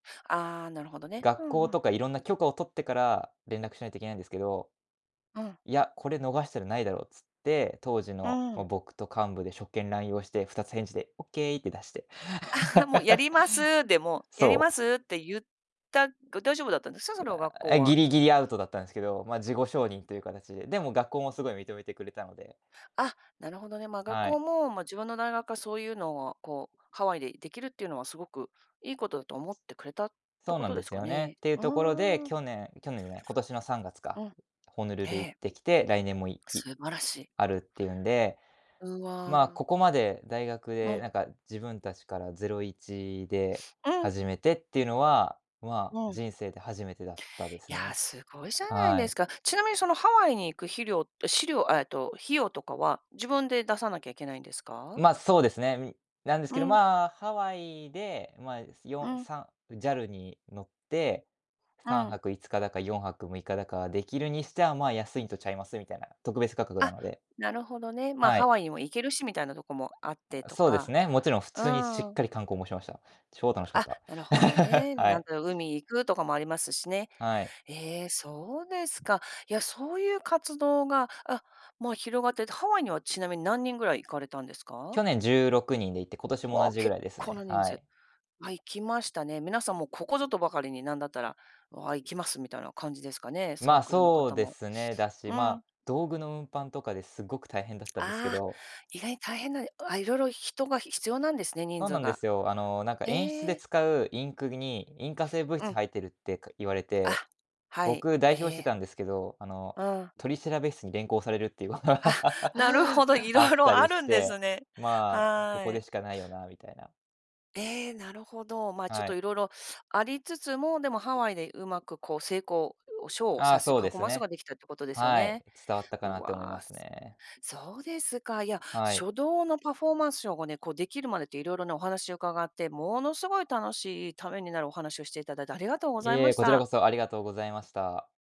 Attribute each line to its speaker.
Speaker 1: ああ、なるほどね。う
Speaker 2: 学
Speaker 1: んう
Speaker 2: 校と
Speaker 1: ん。
Speaker 2: かいろんな許可を取ってから連絡しないといけないんですけど。
Speaker 1: うん。
Speaker 2: いや、これ逃したらないだろっつって、当時
Speaker 1: う
Speaker 2: の、
Speaker 1: ー
Speaker 2: ま、
Speaker 1: ん。
Speaker 2: 僕と幹部で職権濫用をして、二つ返事でオッケーって出して。
Speaker 1: ああ、もう「やります。」で も「やり
Speaker 2: そ
Speaker 1: ま
Speaker 2: う。
Speaker 1: す」って言った。だ大丈夫だったんですか？
Speaker 2: う
Speaker 1: その学
Speaker 2: あ、
Speaker 1: 校
Speaker 2: え、ギ
Speaker 1: は。
Speaker 2: リギリ、アウトだったんですけど、まあ、事後承認という形で。でも学校もすごい認めてくれたので
Speaker 1: あ、なるほどね、ま、学
Speaker 2: は
Speaker 1: 校は
Speaker 2: い。
Speaker 1: もう、ま、自分の大学はそういうのを、こう、ハワイでできるっていうのはすごくいいことだと思ってくれたって
Speaker 2: そう
Speaker 1: こ
Speaker 2: なん
Speaker 1: と
Speaker 2: で
Speaker 1: です
Speaker 2: す
Speaker 1: か
Speaker 2: よね、
Speaker 1: ね。
Speaker 2: っていう
Speaker 1: う
Speaker 2: ところで、
Speaker 1: ーん。
Speaker 2: 去年去年じゃない、今年の3月か、
Speaker 1: うん、
Speaker 2: ホノル
Speaker 1: え
Speaker 2: ル行っ
Speaker 1: え。
Speaker 2: てきて、来年もいい
Speaker 1: 素晴らしい。
Speaker 2: あるっていうんで、
Speaker 1: うわ
Speaker 2: まあ、
Speaker 1: あ。
Speaker 2: ここまで大学
Speaker 1: う
Speaker 2: で
Speaker 1: ん。
Speaker 2: なんか自分たちからゼロイチで、
Speaker 1: うん。
Speaker 2: 始めてっていうのは、まあ、
Speaker 1: うん。
Speaker 2: 人生で初めてだったです
Speaker 1: やあ、
Speaker 2: ね。
Speaker 1: すごいじゃない
Speaker 2: は
Speaker 1: で
Speaker 2: い。
Speaker 1: すか。ちなみにそのハワイに行くひりょうしりょう、えっと、費用とかは自分で出さなきゃいけないんですか？
Speaker 2: ま、そうですね、ん、なんです
Speaker 1: う
Speaker 2: けど、
Speaker 1: ん。
Speaker 2: まあ、ハワイで、まあ、
Speaker 1: う
Speaker 2: よん
Speaker 1: ん。
Speaker 2: さん、JAL に乗って、
Speaker 1: う
Speaker 2: さん
Speaker 1: ん。
Speaker 2: はくいつかだか4泊6日だか、できるにしては、まあ、安いんとちゃいますみたいな、特別価格な
Speaker 1: あ、
Speaker 2: ので。
Speaker 1: なるほどね。まあ、
Speaker 2: は
Speaker 1: ハ
Speaker 2: い。
Speaker 1: ワイにも行けるしみたいなとこもあってと
Speaker 2: そうです
Speaker 1: か、
Speaker 2: ね。もちろん普
Speaker 1: う
Speaker 2: 通にしっ
Speaker 1: ーん。
Speaker 2: かり観光もしました。超楽しかっ
Speaker 1: あ、
Speaker 2: た。
Speaker 1: なるほど ね。
Speaker 2: は
Speaker 1: なん
Speaker 2: い。
Speaker 1: だろう、海行くとかもありますしね。
Speaker 2: はい。
Speaker 1: ええ、そうですか。や、そういう活動が、あ、もう広がってて、ハワイには、ちなみに何人ぐらい行かれたんですか？
Speaker 2: 去年16人で行って、今年も
Speaker 1: わ
Speaker 2: 同
Speaker 1: あ、
Speaker 2: じぐ
Speaker 1: 結
Speaker 2: らいです
Speaker 1: 構な
Speaker 2: ね、
Speaker 1: 人
Speaker 2: はい。
Speaker 1: 数。あ、行きましたね。皆さんもここぞとばかりになんだったら、わあ、行きますみたいな感じですかね、サ
Speaker 2: ま
Speaker 1: ー
Speaker 2: あ、
Speaker 1: クルの
Speaker 2: そう
Speaker 1: 方
Speaker 2: で
Speaker 1: も。
Speaker 2: すね。だし、
Speaker 1: う
Speaker 2: ま
Speaker 1: ん。
Speaker 2: あ、道具の運搬とかですごく大変だっ たんですけ
Speaker 1: ああ、
Speaker 2: ど
Speaker 1: 意外に大変な、あ、色々人が必要なんですね、人
Speaker 2: そう
Speaker 1: 数
Speaker 2: なんで
Speaker 1: が。
Speaker 2: すよ。あの、なんか演出
Speaker 1: え
Speaker 2: で
Speaker 1: え。
Speaker 2: 使うインクに引火性物
Speaker 1: う
Speaker 2: 質
Speaker 1: ん。
Speaker 2: 入ってるって、か言われて、
Speaker 1: あ。はい。
Speaker 2: 僕代
Speaker 1: え
Speaker 2: 表して
Speaker 1: え。
Speaker 2: たんですけど、あの、
Speaker 1: うん。
Speaker 2: 取調室に連行されるっていうこと、
Speaker 1: あ、なるほ
Speaker 2: あ
Speaker 1: ど。色
Speaker 2: っ
Speaker 1: 々
Speaker 2: た
Speaker 1: あ
Speaker 2: り
Speaker 1: る
Speaker 2: し
Speaker 1: んです
Speaker 2: て。
Speaker 1: ね。
Speaker 2: まあ、こ
Speaker 1: は
Speaker 2: こで
Speaker 1: い。
Speaker 2: しかないよなみたいな。
Speaker 1: ええ、なるほど。ま、ちょっ
Speaker 2: は
Speaker 1: と
Speaker 2: い。
Speaker 1: 色々ありつつも、でもハワイでうまく、こう、成功をショーを
Speaker 2: ああ、
Speaker 1: させ
Speaker 2: そう
Speaker 1: パ
Speaker 2: で
Speaker 1: フォー
Speaker 2: す
Speaker 1: マンス
Speaker 2: ね。
Speaker 1: ができたってことですよ
Speaker 2: はい。
Speaker 1: ね。
Speaker 2: 伝わったか
Speaker 1: う
Speaker 2: なって思い
Speaker 1: わ
Speaker 2: ま
Speaker 1: あ、
Speaker 2: す
Speaker 1: す
Speaker 2: ね。
Speaker 1: そうですか。いや、
Speaker 2: はい。
Speaker 1: 書道のパフォーマンスショーがね、こう、できるまでって色々ね、お話を伺って、ものすごい楽しいためになるお話をしていただいてありがとうご
Speaker 2: い
Speaker 1: ざいま
Speaker 2: え、
Speaker 1: し
Speaker 2: こちら
Speaker 1: た。
Speaker 2: こそありがとうございました。